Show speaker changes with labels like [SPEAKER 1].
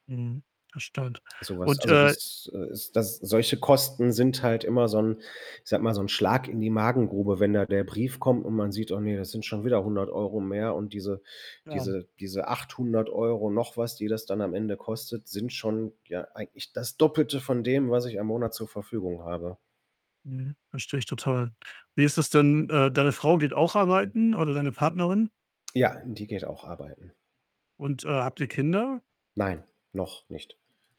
[SPEAKER 1] Mhm. Das stimmt.
[SPEAKER 2] Sowas,
[SPEAKER 1] Und,
[SPEAKER 2] also,
[SPEAKER 1] äh
[SPEAKER 2] das, äh, ist das solche Kosten sind halt immer so 'n ich sage mal, so 'n Schlag in die Magengrube, wenn da der Brief kommt und man sieht: „Oh ne, das sind schon wieder 100 € mehr und diese
[SPEAKER 1] [unintelligible]
[SPEAKER 2] diese diese 800 € noch was, die das dann am Ende kostet, sind schon, ja, eigentlich das Doppelte von dem, was ich am Monat zur Verfügung habe.“
[SPEAKER 1] Mhm. Verstehe ich total. Wie ist das denn, äh, deine Frau geht auch auch arbeiten oder deine Partnerin?
[SPEAKER 2] Ja, die geht auch arbeiten.
[SPEAKER 1] Und, äh, habt ihr Kinder?
[SPEAKER 2] Nein, noch nicht.